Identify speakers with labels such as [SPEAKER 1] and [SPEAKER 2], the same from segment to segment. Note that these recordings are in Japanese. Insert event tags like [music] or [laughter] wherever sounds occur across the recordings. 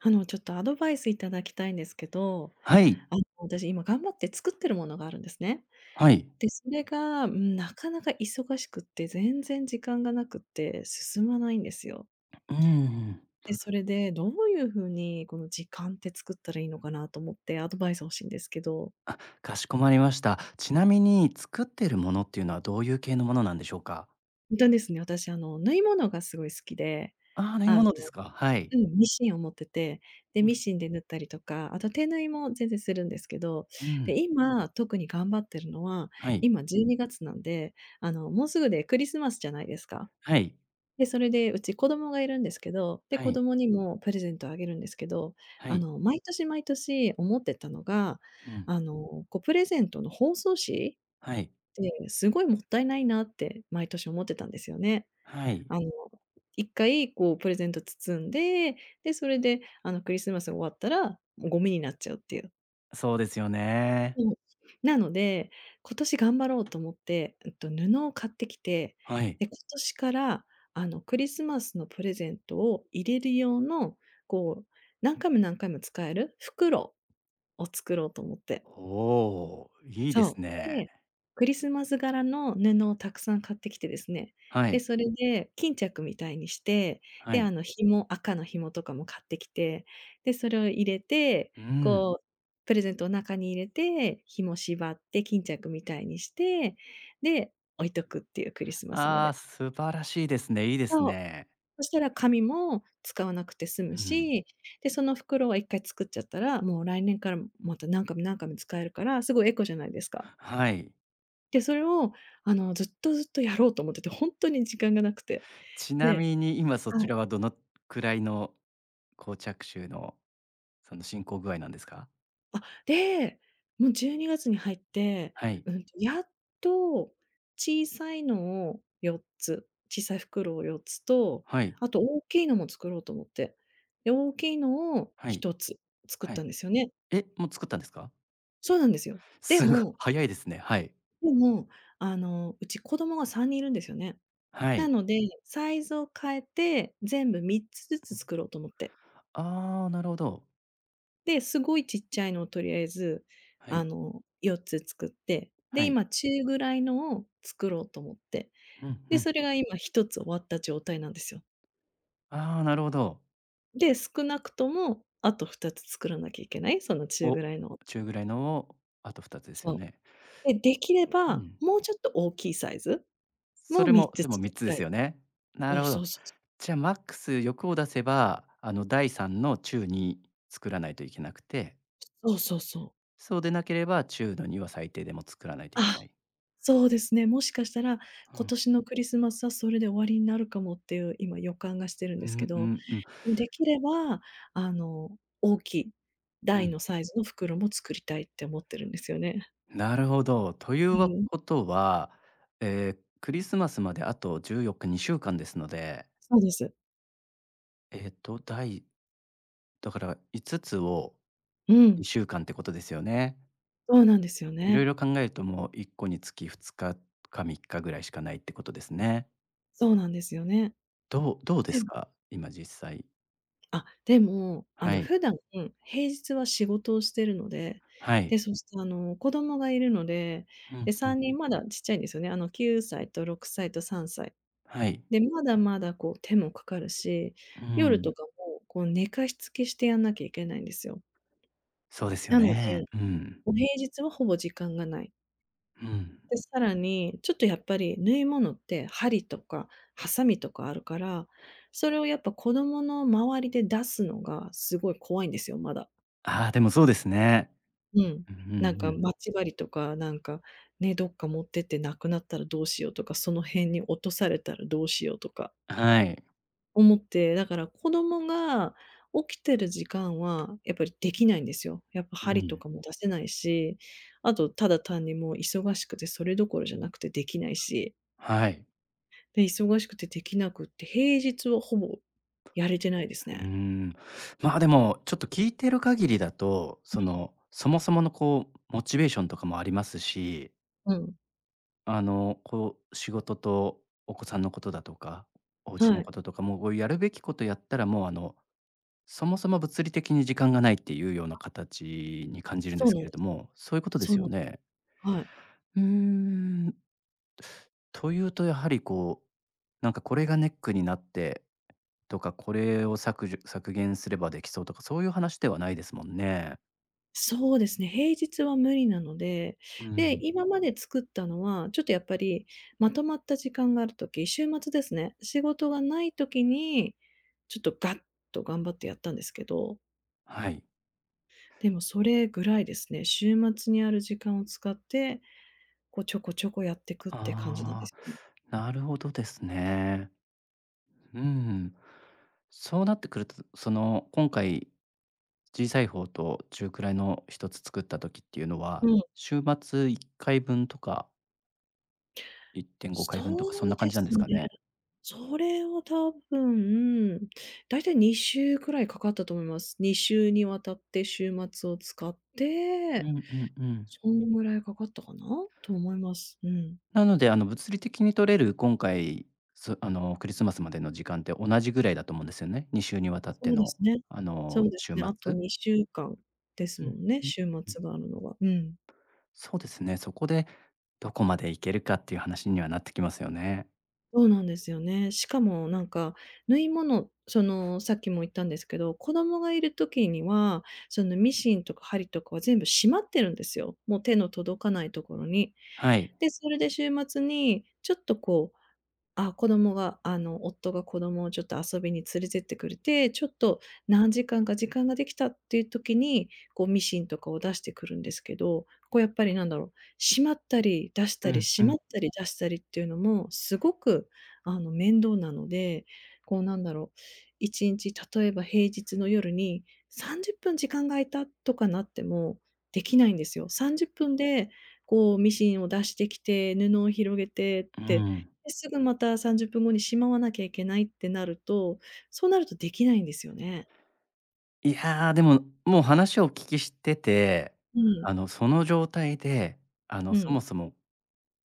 [SPEAKER 1] あの、ちょっとアドバイス頂きたいんですけど、
[SPEAKER 2] はい。
[SPEAKER 1] あの、私今頑張って作ってるものがあるんですね。
[SPEAKER 2] はい。
[SPEAKER 1] で、それが、うーん、なかなか忙しくて、全然時間がなくって、進まないんですよ。
[SPEAKER 2] うーん。
[SPEAKER 1] で、それで、どういう風にこの時間って作ったらいいのかなと思って、アドバイス欲しいんですけど。
[SPEAKER 2] あ、かしこまりました。ちなみに、作ってる物っていうのはどういう系のものなんでしょうか？
[SPEAKER 1] んとですね、私、あの、縫い物が凄い好きで、
[SPEAKER 2] ああ、縫い
[SPEAKER 1] あの
[SPEAKER 2] 物ですか。はい。
[SPEAKER 1] うん。ミシンを持ってて、で、
[SPEAKER 2] う
[SPEAKER 1] ミ
[SPEAKER 2] ん。
[SPEAKER 1] シンで縫ったりとか、あと手縫いも全然するんですけど、
[SPEAKER 2] う
[SPEAKER 1] で、
[SPEAKER 2] ん。
[SPEAKER 1] 今、特に頑張ってるのは、
[SPEAKER 2] はい。
[SPEAKER 1] 今12月なんで、あの、もうすぐでクリスマスじゃないですか？
[SPEAKER 2] はい。
[SPEAKER 1] で、それでうち子供がいるんですけど、で、
[SPEAKER 2] は
[SPEAKER 1] 子
[SPEAKER 2] い。
[SPEAKER 1] 供にもプレゼントあげるんですけど、
[SPEAKER 2] は
[SPEAKER 1] あ
[SPEAKER 2] い。
[SPEAKER 1] の、毎年毎年思ってたのが、
[SPEAKER 2] うん。
[SPEAKER 1] あの、こう、プレゼントの包装紙っ
[SPEAKER 2] はい。
[SPEAKER 1] てすごいもったいないなって毎年思ってたんですよね。
[SPEAKER 2] はい。
[SPEAKER 1] あの、1回こう、プレゼント包んで、で、それであの、クリスマスが終わったらゴミになっちゃうっていう。
[SPEAKER 2] そうですよね。
[SPEAKER 1] そう。なので、今年頑張ろうと思って、えっと、布を買ってきて、
[SPEAKER 2] はい。
[SPEAKER 1] で、今年から、あの、クリスマスのプレゼントを入れる用の、こう、何回も何回も使える、袋を作ろうと思って。
[SPEAKER 2] おお、いいです
[SPEAKER 1] そう。
[SPEAKER 2] ね。
[SPEAKER 1] で、クリスマス柄の布をたくさん買ってきてですね、
[SPEAKER 2] は
[SPEAKER 1] で、
[SPEAKER 2] い。
[SPEAKER 1] それで巾着みたいにして、
[SPEAKER 2] は
[SPEAKER 1] で、
[SPEAKER 2] い。
[SPEAKER 1] あの、紐赤の紐とかも買ってきて、で、それを入れて、
[SPEAKER 2] うん。
[SPEAKER 1] こう、プレゼントを中に入れて、紐縛って巾着みたいにして、で、置いとくっていう。クリスマスま
[SPEAKER 2] ああ、
[SPEAKER 1] で。
[SPEAKER 2] 素晴らしいですね。いいです
[SPEAKER 1] そう。
[SPEAKER 2] ね。
[SPEAKER 1] そしたら紙も使わなくて済
[SPEAKER 2] う
[SPEAKER 1] む
[SPEAKER 2] ん。
[SPEAKER 1] し、で、その袋は1回作っちゃったら、もう来年からまた何回も何回も使えるから、すごいエコじゃないですか？
[SPEAKER 2] はい。
[SPEAKER 1] で、それを、あの、ずっとずっとやろうと思ってて、本当に時間が無くて。
[SPEAKER 2] ちな
[SPEAKER 1] で
[SPEAKER 2] みに、今そ
[SPEAKER 1] は
[SPEAKER 2] ち
[SPEAKER 1] い。
[SPEAKER 2] らはどの位の、こう、着手の、その、進行具合なんですか？
[SPEAKER 1] あ。で、もう12月に入って、
[SPEAKER 2] はい。
[SPEAKER 1] うん、やっと、小さいのを4つ、小さい袋を4つと、
[SPEAKER 2] はい。
[SPEAKER 1] あと大きいのも作ろうと思って。で、大きいのを
[SPEAKER 2] は
[SPEAKER 1] ひ
[SPEAKER 2] い。
[SPEAKER 1] とつ作っ
[SPEAKER 2] は
[SPEAKER 1] た
[SPEAKER 2] い。
[SPEAKER 1] んですよね。
[SPEAKER 2] え？もう作ったんですか？
[SPEAKER 1] そうなんですよ。で
[SPEAKER 2] すご、
[SPEAKER 1] も
[SPEAKER 2] 早いですね。はい。
[SPEAKER 1] でも、あの、うち子供が3人いるんですよね。
[SPEAKER 2] は
[SPEAKER 1] な
[SPEAKER 2] い。
[SPEAKER 1] ので、サイズを変えて、全部3つずつ
[SPEAKER 2] [unintelligible]
[SPEAKER 1] 作ろうと思って。
[SPEAKER 2] ああ、なるほど。
[SPEAKER 1] で、すごいちっちゃいのをとりあえず、
[SPEAKER 2] は
[SPEAKER 1] あ
[SPEAKER 2] い。
[SPEAKER 1] の、4つ作って、で、
[SPEAKER 2] はい。
[SPEAKER 1] 今中ぐらいのを作ろうと思って、
[SPEAKER 2] うん、う
[SPEAKER 1] で、
[SPEAKER 2] ん。
[SPEAKER 1] それが今1つ終わった状態なんですよ。
[SPEAKER 2] ああ、なるほど。
[SPEAKER 1] で、少なくとも、あと2つ作らなきゃいけない、その中
[SPEAKER 2] お、
[SPEAKER 1] ぐらいのを
[SPEAKER 2] 中ぐらいのをあと2つですよ
[SPEAKER 1] そ
[SPEAKER 2] ね。
[SPEAKER 1] う。で、できれ
[SPEAKER 2] う
[SPEAKER 1] ば、
[SPEAKER 2] ん。
[SPEAKER 1] もうちょっと大きいサイズ
[SPEAKER 2] そ
[SPEAKER 1] も、
[SPEAKER 2] れ
[SPEAKER 1] みっ
[SPEAKER 2] も、
[SPEAKER 1] つ
[SPEAKER 2] で
[SPEAKER 1] 作
[SPEAKER 2] もみっ
[SPEAKER 1] り
[SPEAKER 2] つで
[SPEAKER 1] た
[SPEAKER 2] す
[SPEAKER 1] い。
[SPEAKER 2] よね。な
[SPEAKER 1] おお、
[SPEAKER 2] るほ
[SPEAKER 1] そ
[SPEAKER 2] ど。
[SPEAKER 1] うそうそう
[SPEAKER 2] じゃ、マックス欲を出せば、あの、大3の中2作らないといけなくて
[SPEAKER 1] そうそうそう。
[SPEAKER 2] そうでなければ、中の2は最低でも作らないといけ
[SPEAKER 1] あ、
[SPEAKER 2] ない。
[SPEAKER 1] そうですね、もしかしたら
[SPEAKER 2] う
[SPEAKER 1] 今
[SPEAKER 2] ん。
[SPEAKER 1] 年のクリスマスは、それで終わりになるかもっていう、今予感がしてるん
[SPEAKER 2] うん
[SPEAKER 1] ですけ
[SPEAKER 2] う
[SPEAKER 1] ど。
[SPEAKER 2] んうん。
[SPEAKER 1] うん。できれば、あの、大きい
[SPEAKER 2] う
[SPEAKER 1] 大
[SPEAKER 2] ん。
[SPEAKER 1] のサイズの袋も、作りたいって思ってるんですよね。
[SPEAKER 2] なるほど。という
[SPEAKER 1] う
[SPEAKER 2] は
[SPEAKER 1] ん。
[SPEAKER 2] ことは、え、クリスマスまであと14日、2週間ですので
[SPEAKER 1] そうです。
[SPEAKER 2] えと、大。だから、5つを
[SPEAKER 1] う
[SPEAKER 2] に
[SPEAKER 1] ん。
[SPEAKER 2] しゅうかんってことですよね。
[SPEAKER 1] そうなんですよ
[SPEAKER 2] [unintelligible] いろい
[SPEAKER 1] ね。
[SPEAKER 2] ろ考えると、もう1個につき2日か3日ぐらいしかないってことですね。
[SPEAKER 1] そうなんですよね。
[SPEAKER 2] どうどうです
[SPEAKER 1] [unintelligible]
[SPEAKER 2] か？今実際。
[SPEAKER 1] あ、でも、あ
[SPEAKER 2] は
[SPEAKER 1] の、
[SPEAKER 2] い。
[SPEAKER 1] 普段、平日は仕事をしているので、
[SPEAKER 2] はい。
[SPEAKER 1] で、そして、あの、子供がいるので、
[SPEAKER 2] うん
[SPEAKER 1] で、
[SPEAKER 2] う
[SPEAKER 1] さ
[SPEAKER 2] ん。
[SPEAKER 1] んにんまだちっちゃいんですよね。あの、9歳と6歳と3歳。
[SPEAKER 2] はい。
[SPEAKER 1] で、まだまだこう手もかかるし、
[SPEAKER 2] う
[SPEAKER 1] 夜と
[SPEAKER 2] ん。
[SPEAKER 1] かも、こう、寝かしつけしてやんなきゃいけないんですよ。
[SPEAKER 2] そうですよ
[SPEAKER 1] なので、
[SPEAKER 2] ね。うん。
[SPEAKER 1] お平日はほぼ時間がない。
[SPEAKER 2] うん。
[SPEAKER 1] で、さらに、ちょっとやっぱり、縫い物って針とかハサミとかあるから、それを、やっぱ、子供の周りで出すのがすごい怖いんですよ。まだ。
[SPEAKER 2] ああ、でもそうですね。
[SPEAKER 1] うん。
[SPEAKER 2] うんう
[SPEAKER 1] なん
[SPEAKER 2] んう
[SPEAKER 1] か、
[SPEAKER 2] ん。
[SPEAKER 1] まちばりとか、なんかね、どっか持ってって無くなったらどうしようとか、その辺に落とされたらどうしようとか
[SPEAKER 2] はい。
[SPEAKER 1] 思って、だから子供が起きてる時間はやっぱりできないんですよ。やっぱ
[SPEAKER 2] う
[SPEAKER 1] 針と
[SPEAKER 2] ん。
[SPEAKER 1] かも出せないし、あと、ただ単にもう忙しくてそれどころじゃなくてできないし。
[SPEAKER 2] はい。
[SPEAKER 1] で、忙しくてできなくて、平日はほぼやれてないです
[SPEAKER 2] うー
[SPEAKER 1] ね。
[SPEAKER 2] ん。まあ、でも、ちょっと聞いてる限りだと、そ
[SPEAKER 1] [unintelligible]
[SPEAKER 2] の、そもそもの、こう、モチベーションとかもありますし。
[SPEAKER 1] うん。
[SPEAKER 2] あの、こう、仕事とお子さんのことだとか、お家
[SPEAKER 1] は
[SPEAKER 2] の
[SPEAKER 1] い。
[SPEAKER 2] こととか、もうこうやるべきことやったら、もうあの、そもそも物理的に時間がないっていうような
[SPEAKER 1] [unintelligible]
[SPEAKER 2] 形に感じるんで
[SPEAKER 1] そう
[SPEAKER 2] す
[SPEAKER 1] な
[SPEAKER 2] け
[SPEAKER 1] ん
[SPEAKER 2] れ
[SPEAKER 1] で
[SPEAKER 2] ど
[SPEAKER 1] すよ。
[SPEAKER 2] も、そういうことで
[SPEAKER 1] そ
[SPEAKER 2] す
[SPEAKER 1] うな
[SPEAKER 2] よ
[SPEAKER 1] ん
[SPEAKER 2] ね？
[SPEAKER 1] はい。
[SPEAKER 2] うーん。というと、やはりこう、何か、これがネックになってとか、これを削除削減すればできそうとか、そういう話ではないですもんね。
[SPEAKER 1] そうですね、平日は無理なので、
[SPEAKER 2] う
[SPEAKER 1] で、
[SPEAKER 2] ん。
[SPEAKER 1] 今まで作ったのは、ちょっとやっぱり、まとまった時間があるとき、週末ですね。仕事がない時に、ちょっとガッと頑張ってやったんですけど。
[SPEAKER 2] はい。
[SPEAKER 1] でも、それぐらいですね。週末にある時間を使って、こう、ちょこちょこやってくって感じなんで
[SPEAKER 2] ああ、
[SPEAKER 1] すよね。
[SPEAKER 2] なるほどですね。うーん。そうなってくると、その、今回、小さい方と中くらいの1つ作った時っていうの
[SPEAKER 1] う
[SPEAKER 2] は、
[SPEAKER 1] ん。
[SPEAKER 2] 週末1回分とか。1.5回
[SPEAKER 1] そ
[SPEAKER 2] 分とか、そんな
[SPEAKER 1] う
[SPEAKER 2] 感
[SPEAKER 1] で
[SPEAKER 2] じなんで
[SPEAKER 1] す
[SPEAKER 2] す
[SPEAKER 1] ね。
[SPEAKER 2] かね？
[SPEAKER 1] それは多分、大体2週くらいかかったと思います。2週にわたって週末を使っ
[SPEAKER 2] うん
[SPEAKER 1] て、
[SPEAKER 2] うんうん。
[SPEAKER 1] そんぐらいかかったかなと思います。うん。
[SPEAKER 2] なので、あの、物理的に取れる今回、すあの、クリスマスまでの時間って、同じ位だと思うんですよね。2週に渡って
[SPEAKER 1] そうで
[SPEAKER 2] の、
[SPEAKER 1] すね。
[SPEAKER 2] あ
[SPEAKER 1] そ
[SPEAKER 2] の、
[SPEAKER 1] うです
[SPEAKER 2] 週
[SPEAKER 1] ね、あと
[SPEAKER 2] 末。
[SPEAKER 1] 2週間です
[SPEAKER 2] う
[SPEAKER 1] も
[SPEAKER 2] ん、
[SPEAKER 1] んね、
[SPEAKER 2] うん、
[SPEAKER 1] 週
[SPEAKER 2] うん。
[SPEAKER 1] 末があるのは、うん。
[SPEAKER 2] そうですね、そこで、どこまで行けるかっていう話にはなってきますよね。
[SPEAKER 1] そうなんですよね。しかもなんか縫い物、その、さっきも言ったんですけど、子供がいる時には、そのミシンとか針とかは全部しまってるんですよ。もう手の届かないところに。
[SPEAKER 2] はい。
[SPEAKER 1] で、それで週末にちょっとこう、あ、子供があの夫が子供をちょっと遊びに連れてってくれて、ちょっと何時間か時間ができたっていう時に、こうミシンとかを出してくるんですけど、こうやっぱりなんだろう、しまったり出し
[SPEAKER 2] う
[SPEAKER 1] たり、
[SPEAKER 2] ん
[SPEAKER 1] し
[SPEAKER 2] う
[SPEAKER 1] ま
[SPEAKER 2] ん。
[SPEAKER 1] ったり出したりっていうのも、すごくあの面倒なので、こうなんだろう、1日例えば平日の夜に、30分時間が空いたとかなっても、できないんですよ。30分で、こう、ミシンを出してきて、布を広げて
[SPEAKER 2] う
[SPEAKER 1] て、
[SPEAKER 2] ん。
[SPEAKER 1] で、すぐまた30分後にしまわなきゃいけないってなると、そうなるとできないんですよね。
[SPEAKER 2] いや、でも、もう話をお聞きしてて、
[SPEAKER 1] う
[SPEAKER 2] あ
[SPEAKER 1] ん。
[SPEAKER 2] の、その状態で、あの、
[SPEAKER 1] う
[SPEAKER 2] そも
[SPEAKER 1] ん。
[SPEAKER 2] そも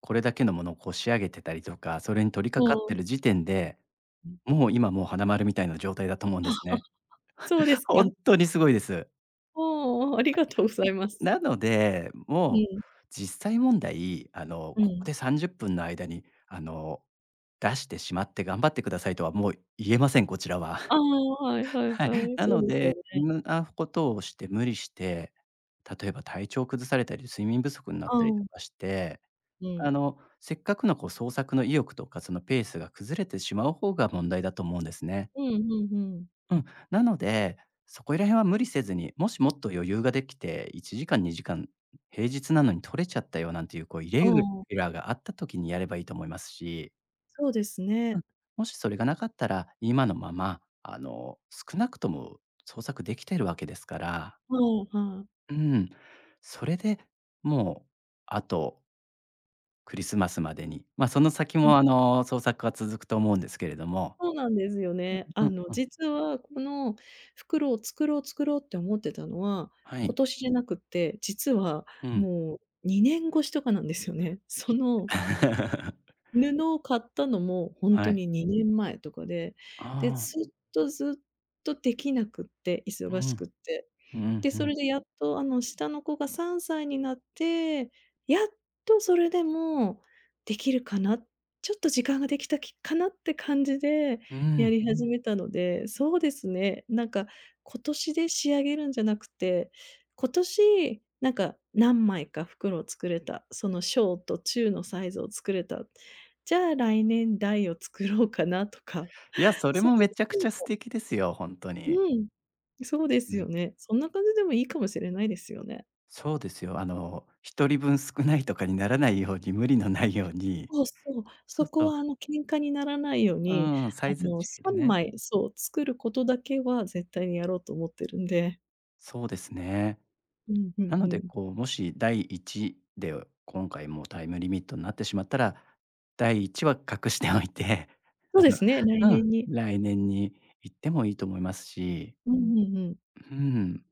[SPEAKER 2] これだけのものを、こう仕上げてたりとか、それに取り
[SPEAKER 1] そ
[SPEAKER 2] 掛かって
[SPEAKER 1] う。
[SPEAKER 2] る時点で、
[SPEAKER 1] うん。
[SPEAKER 2] もう今、もう花丸みたいな状態だと思う
[SPEAKER 1] [giggles]
[SPEAKER 2] ん
[SPEAKER 1] あ、
[SPEAKER 2] です
[SPEAKER 1] は。
[SPEAKER 2] ね。
[SPEAKER 1] そうで
[SPEAKER 2] [chuckles]
[SPEAKER 1] す
[SPEAKER 2] ほん
[SPEAKER 1] か？
[SPEAKER 2] っとにすごいです。
[SPEAKER 1] ああ、ありがとうござい
[SPEAKER 2] [unintelligible]
[SPEAKER 1] ます。
[SPEAKER 2] なので、
[SPEAKER 1] う
[SPEAKER 2] もう
[SPEAKER 1] ん。
[SPEAKER 2] 実際問題、あの、
[SPEAKER 1] う
[SPEAKER 2] ここ
[SPEAKER 1] ん。
[SPEAKER 2] で30分の間に、あの、出してしまって頑張ってくださいとはもう言えません、こちらは。[chuckles]
[SPEAKER 1] ああ、はいはいは
[SPEAKER 2] はい。
[SPEAKER 1] い。
[SPEAKER 2] な
[SPEAKER 1] そう
[SPEAKER 2] の
[SPEAKER 1] ですよ
[SPEAKER 2] で、う
[SPEAKER 1] ね。
[SPEAKER 2] んなことをして無理して、例えば体調崩されたり、睡眠不足になっ
[SPEAKER 1] あ
[SPEAKER 2] たりと
[SPEAKER 1] ん。
[SPEAKER 2] かして、
[SPEAKER 1] うん。
[SPEAKER 2] あの、せっかくのこう創作の意欲とか、そのペースが崩れてしまう方が問題だと思うんですね。
[SPEAKER 1] うん、ふんふん。
[SPEAKER 2] うん。なので、そこいら辺は無理せずに、もしもっと余裕ができて、1時間2時間平日なのに取れちゃったよなんていう、こうイレ
[SPEAKER 1] あ
[SPEAKER 2] ギュ
[SPEAKER 1] あ。
[SPEAKER 2] ラーがあった時にやればいいと思いますし。
[SPEAKER 1] そうです
[SPEAKER 2] うん。
[SPEAKER 1] ね。
[SPEAKER 2] もしそれが無かったら、今のまま、あの、少なくとも創作できてるわけですから。
[SPEAKER 1] ふんふん。
[SPEAKER 2] うん。それで、もう、あとクリスマスまでに。ま、その先
[SPEAKER 1] う
[SPEAKER 2] も
[SPEAKER 1] ん。
[SPEAKER 2] あの創作が続くと思うんですけれども
[SPEAKER 1] そうなんですよね。
[SPEAKER 2] う
[SPEAKER 1] あ
[SPEAKER 2] ん
[SPEAKER 1] の、
[SPEAKER 2] うんうん。
[SPEAKER 1] 実はこの袋を作ろう作ろうって思ってたのは、
[SPEAKER 2] は
[SPEAKER 1] 今
[SPEAKER 2] い。
[SPEAKER 1] 年じゃなくって、実は
[SPEAKER 2] うん。
[SPEAKER 1] もう2年越しとかなんですよね、その
[SPEAKER 2] [laughs]
[SPEAKER 1] 布を買ったのも、ほん
[SPEAKER 2] は
[SPEAKER 1] と
[SPEAKER 2] い。
[SPEAKER 1] に2年前とかで、
[SPEAKER 2] あ
[SPEAKER 1] で、ず
[SPEAKER 2] あ。
[SPEAKER 1] っとずっとできなくって、
[SPEAKER 2] う
[SPEAKER 1] 忙しくっ
[SPEAKER 2] ん、
[SPEAKER 1] て。
[SPEAKER 2] うん、
[SPEAKER 1] で、
[SPEAKER 2] ふ
[SPEAKER 1] そ
[SPEAKER 2] ん。
[SPEAKER 1] れでやっと、あの、下の子が3歳になって、やっとそれでもできるかな、ちょっと時間ができたきかなって感じで
[SPEAKER 2] う
[SPEAKER 1] や
[SPEAKER 2] ん。
[SPEAKER 1] り始めたので、そうですね、なんか、今年で仕上げるんじゃなくて、今年なんか何枚か袋を作れた、その小と中のサイズを作れた。じゃあ来年大を作ろうかなとか
[SPEAKER 2] いや、
[SPEAKER 1] [unintelligible]
[SPEAKER 2] それもめちゃくちゃ素敵ですよ、ほんと
[SPEAKER 1] う
[SPEAKER 2] に。
[SPEAKER 1] ん。そうで
[SPEAKER 2] う
[SPEAKER 1] すよ
[SPEAKER 2] ん。
[SPEAKER 1] ね、そんな感じでもいいかもしれないですよね。
[SPEAKER 2] そうですよ、あの、1人分少ないとかにならないように、無理のないように。
[SPEAKER 1] そうです。そう。
[SPEAKER 2] そ
[SPEAKER 1] そ
[SPEAKER 2] う
[SPEAKER 1] こ
[SPEAKER 2] そう。
[SPEAKER 1] は、あの、喧嘩にならないよう
[SPEAKER 2] う
[SPEAKER 1] に、
[SPEAKER 2] ーん、サ
[SPEAKER 1] あ
[SPEAKER 2] イズ
[SPEAKER 1] の、
[SPEAKER 2] 違
[SPEAKER 1] さ
[SPEAKER 2] いで
[SPEAKER 1] ん
[SPEAKER 2] ね。
[SPEAKER 1] まいそう、作ることだけは絶対にやろうと思ってるんで。
[SPEAKER 2] そうですね。
[SPEAKER 1] うん、ふ
[SPEAKER 2] な
[SPEAKER 1] んふ
[SPEAKER 2] ので、
[SPEAKER 1] ん。
[SPEAKER 2] こう、もし大1で、今回もうタイムリミットになってしまったら、大1は隠しておいて、
[SPEAKER 1] そ
[SPEAKER 2] あ
[SPEAKER 1] うで
[SPEAKER 2] の、
[SPEAKER 1] すね、来
[SPEAKER 2] う
[SPEAKER 1] 年
[SPEAKER 2] ん、
[SPEAKER 1] に。
[SPEAKER 2] 来年に行ってもいいと思いますし。
[SPEAKER 1] うんうんうん。
[SPEAKER 2] うん。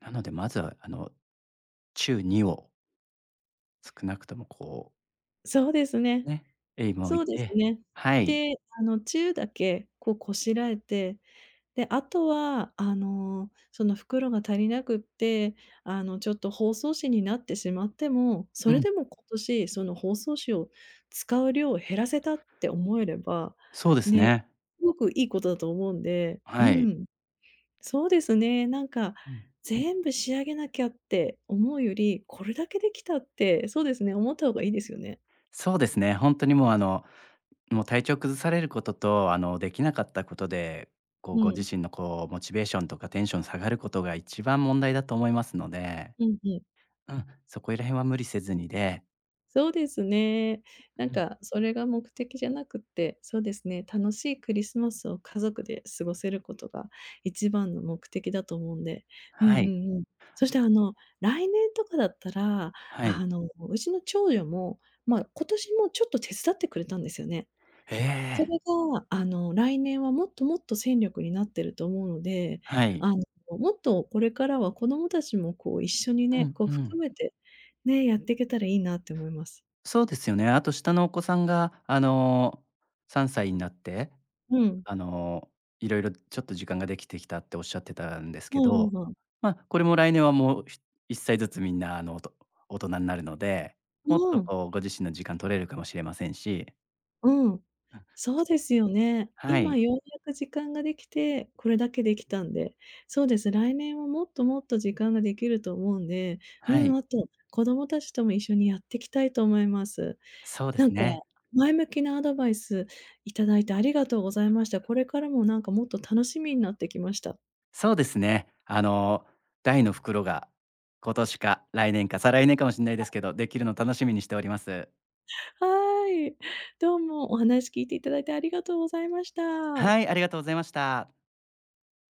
[SPEAKER 2] なので、まずは、あの、中2を少なくとも、こう
[SPEAKER 1] そうですね。
[SPEAKER 2] ね、えいもおい
[SPEAKER 1] そうです
[SPEAKER 2] て、
[SPEAKER 1] ね。
[SPEAKER 2] はい。
[SPEAKER 1] で、あの、中だけ、こう、こしらえて、で、あとは、あの、その袋が足りなくって、あの、ちょっと包装紙になってしまっても、
[SPEAKER 2] う
[SPEAKER 1] それ
[SPEAKER 2] ん。
[SPEAKER 1] でも今年その包装紙を使う量減らせたって思えれば、
[SPEAKER 2] そうです
[SPEAKER 1] ね、
[SPEAKER 2] ね。
[SPEAKER 1] すごくいいことだと思うんで、う
[SPEAKER 2] はい。
[SPEAKER 1] ん。そうですね、なんか、
[SPEAKER 2] うん。
[SPEAKER 1] 全部仕上げなきゃって思うより、これだけできたって、そうですね、思った方がいいですよね。
[SPEAKER 2] そうですね、ほんとにもう、あの、もう、体調崩されることと、あの、できなかったことで、こう、
[SPEAKER 1] う
[SPEAKER 2] ご
[SPEAKER 1] ん。
[SPEAKER 2] 自身の、こう、モチベーションとかテンション下がることが一番問題だと思いますので。
[SPEAKER 1] うんうん。
[SPEAKER 2] うん、そこいら辺は無理せずにで。
[SPEAKER 1] そうですね。な
[SPEAKER 2] う
[SPEAKER 1] ん
[SPEAKER 2] ん。
[SPEAKER 1] か、それが目的じゃなくって、そうですね、楽しいクリスマスを家族で過ごせることが一番の目的だと思うんで。うん-う
[SPEAKER 2] はい。
[SPEAKER 1] んうん。そしてあの、来年とかだったら、
[SPEAKER 2] はい。
[SPEAKER 1] あの、うちの長女も、まあ、今年もちょっと手伝ってくれたんですよね。
[SPEAKER 2] え
[SPEAKER 1] そ
[SPEAKER 2] え！
[SPEAKER 1] れが、あの、来年はもっともっと戦力になってると思うので、
[SPEAKER 2] はい。
[SPEAKER 1] あの、もっとこれからは子供たちも、こう、一緒に
[SPEAKER 2] う
[SPEAKER 1] ね、
[SPEAKER 2] ん
[SPEAKER 1] こう
[SPEAKER 2] う
[SPEAKER 1] 含
[SPEAKER 2] ん。
[SPEAKER 1] めてね、やっていけたらいいなって思います。
[SPEAKER 2] そうですよね。あと下のお子さんが、あの、3歳になって、
[SPEAKER 1] うん。
[SPEAKER 2] あの、色々ちょっと時間ができてきたっておっしゃってたんです
[SPEAKER 1] う
[SPEAKER 2] け
[SPEAKER 1] んう
[SPEAKER 2] ど、
[SPEAKER 1] んうん。
[SPEAKER 2] ま、これも来年はもう、ひ1歳ずつみんな、あの、おと大人になるので、もっ
[SPEAKER 1] う
[SPEAKER 2] と
[SPEAKER 1] ん。
[SPEAKER 2] こう、ご自身の時間取れるかもしれませんし。
[SPEAKER 1] うん。
[SPEAKER 2] うん。
[SPEAKER 1] そう
[SPEAKER 2] [unintelligible]
[SPEAKER 1] ですよね。
[SPEAKER 2] は
[SPEAKER 1] 今
[SPEAKER 2] い。
[SPEAKER 1] ようやく時間ができて、これだけできたんで。そうです、来年はもっともっと時間ができると思うんで、う
[SPEAKER 2] は
[SPEAKER 1] ん、
[SPEAKER 2] い。
[SPEAKER 1] あと、子供達とも一緒にやってきたいと思います。
[SPEAKER 2] そうで
[SPEAKER 1] な
[SPEAKER 2] す
[SPEAKER 1] んか、
[SPEAKER 2] ね。
[SPEAKER 1] 前向きなアドバイスいただいてありがとうございました。これからもなんか、もっと楽しみになってきました。
[SPEAKER 2] そうですね。あの大の袋が、今年か来年か再来年かもしんないです
[SPEAKER 1] [unintelligible]
[SPEAKER 2] けど、できるの楽しみにしております。
[SPEAKER 1] はあい。どうもお話聞いていただいてありがとうございました。
[SPEAKER 2] はい、ありがとうございました。